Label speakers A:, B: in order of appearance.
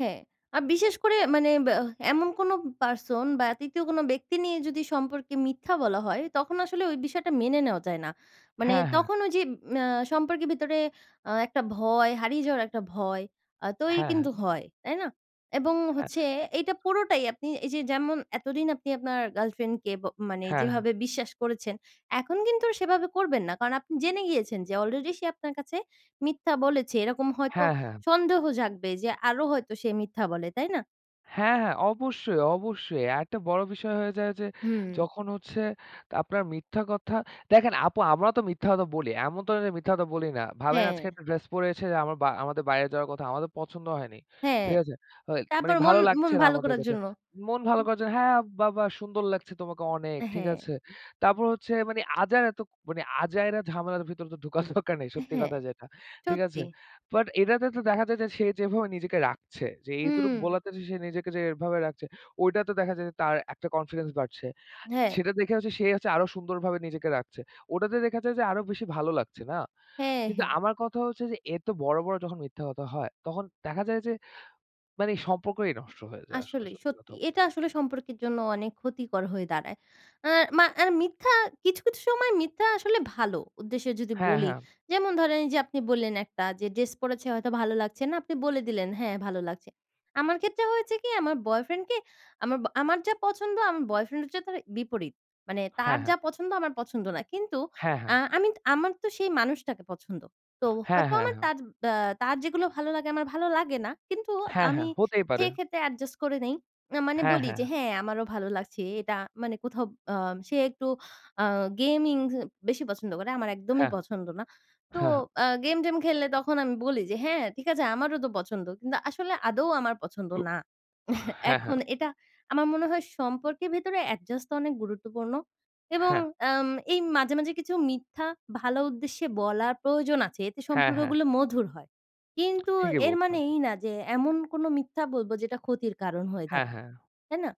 A: হ্যাঁ। আ বিশেষ করে মানে ব্যাহ এমন কোন person বা ৩য় কোন ব্যক্তি নিয়ে যদি সম্পর্কে মিথ্যা বলা হয়, তখন আসলে ওই বিষয়টা মেনে নেওয়া যায় না। মানে
B: হ্যাঁ, হ্যাঁ।
A: তখন ওই যে ম্যা সম্পর্কের ভিতরে আ একটা ভয় হারিয়ে যাওয়ার একটা ভয় আ তৈরি
B: হ্যাঁ,
A: কিন্তু
B: হ্যাঁ।
A: হয়, তাই না? এবং
B: হ্যাঁ।
A: হচ্ছে এইটা পুরোটাই আপনি এই যে যেমন এতদিন আপনি আপনার girlfriend কে ব মানে
B: হ্যাঁ।
A: যেভাবে বিশ্বাস করেছেন, এখন কিন্তু সেভাবে করবেন না। কারণ আপনি জেনে গিয়েছেন যে already সে আপনার কাছে মিথ্যা বলেছে। এরকম হয়তো
B: হ্যাঁ, হ্যাঁ।
A: সন্দেহ জাগবে যে আরও হয়তো সে মিথ্যা বলে, তাই না?
B: হ্যাঁ, হ্যাঁ। অবশ্যই, অবশ্যই। আরেকটা বড় বিষয় হয়ে যায় যে
A: হুম।
B: যখন হচ্ছে তা আপনার মিথ্যা কথা, দেখেন আপু আমরাও তো মিথ্যা কথা বলি, এমন তো না যে মিথ্যা কথা বলি না। ভাবেন আজকে
A: হ্যাঁ।
B: একটা dress পরেছে যে আমা আমাদের বাইরে যাওয়ার কথা, আমাদের পছন্দ হয়নি।
A: হ্যাঁ।
B: ঠিক আছে? হয়, মানে
A: তারপর মন
B: ভালো
A: মন
B: লাগছে না
A: ভালো
B: আমাদের
A: করার
B: কাছে।
A: জন্য।
B: মন ভালো করার জন্য। হ্যাঁ, বা, বা সুন্দর লাগছে তোমাকে অনেক,
A: অ্যা
B: ঠিক
A: হ্যাঁ।
B: আছে? তারপর হচ্ছে মানে আজাইরা তো মানে আজাইরা ঝামেলার ভিতর তো ঢুকার দরকার নেই
A: অ্যা
B: সত্যি
A: হ্যাঁ।
B: কথা যেটা। ঠিক আছে?
A: সত্যি।
B: But এটাতে তো দেখা যায় যে সে যেভাবে নিজেকে রাখছে, যে এতটুক
A: হুম।
B: বলাতে যে সে নিজেকে যে এভাবে রাখছে, ওইটাতে দেখা যায় যে তার একটা confidence বাড়ছে।
A: হ্যাঁ।
B: সেটা দেখে হচ্ছে সে হচ্ছে আরও সুন্দরভাবে নিজেকে রাখছে। ওটাতে দেখা যায় যে আরও বেশি ভালো লাগছে, না?
A: হ্যাঁ,
B: কিন্তু
A: হ্যাঁ।
B: আমার কথা হচ্ছে যে এত বড়, বড় যখন মিথ্যা কথা হয়, তখন দেখা যায় যে মানে সম্পর্কই নষ্ট হয়ে যায় আসলে
A: আসলেই
B: সত্যি
A: সত্যি।
B: কথা বলতে
A: এটা
B: গে
A: আসলে সম্পর্কের জন্য অনেক ক্ষতিকর হয়ে দাঁড়ায়। অ্যা মা আর মিথ্যা কিছু, কিছু সময় মিথ্যা আসলে ভালো উদ্দেশ্যে যদি
B: হ্যাঁ,
A: বলি।
B: হ্যাঁ।
A: যেমন ধরেন এই যে আপনি বললেন একটা যে dress পড়েছে হয়তো ভালো লাগছে না, আপনি বলে দিলেন "হ্যাঁ ভালো লাগছে।" আমার ক্ষেত্রে হয়েছে কি? আমার boyfriend কে আমাবা আমার যা পছন্দ আমার boyfriend হচ্ছে তার বিপরীত। মানে তার
B: হ্যাঁ, হ্যাঁ।
A: যা পছন্দ আমার পছন্দ না। কিন্তু
B: হ্যাঁ, হ্যাঁ।
A: অ্যা আমি আমার তো সেই মানুষটাকে পছন্দ। তো
B: হ্যাঁ,
A: হয়তো
B: হ্যাঁ,
A: আমার
B: হ্যাঁ।
A: তার ব্যা যেগুলো ভালো, লাগে আমার ভালো লাগে না। কিন্তু
B: হ্যাঁ,
A: আমি
B: হ্যাঁ। হতেই পারে।
A: সেক্ষেত্রে adjust করে নেই। না মানে
B: হ্যাঁ,
A: বলি
B: হ্যাঁ।
A: যে "হ্যাঁ আমারও ভালো লাগছে এটা।" মানে কোথাও আ সে একটু আ gaming বেশি পছন্দ করে, আমার একদমই
B: হ্যাঁ।
A: পছন্দ না। তো আ game টেম খেললে তখন আমি বলি যে "হ্যাঁ ঠিক আছে আমারও তো পছন্দ।" কিন্তু আসলে আদৌ আমার পছন্দ না।
B: [unintelligible] হ্যাঁ।
A: এখন
B: হ্যাঁ।
A: এটা আমার মনে হয় সম্পর্কের ভেতরে adjust অনেক গুরুত্বপূর্ণ। এবং
B: হ্যাঁ।
A: অ্যাম এই মাঝে, মাঝে কিছু মিথ্যা ভালো উদ্দেশ্যে বলা প্রয়োজন আছে, এতে
B: হ্যাঁ, হ্যাঁ।
A: সম্পর্কগুলো মধুর হয়। কিন্তু
B: ঠিকই
A: এর মানে
B: বলছেন।
A: এই না যে এমন কোন মিথ্যা বলব যেটা ক্ষতির কারণ হয়ে
B: হ্যাঁ,
A: দাঁড়ায়,
B: হ্যাঁ।
A: তাই না?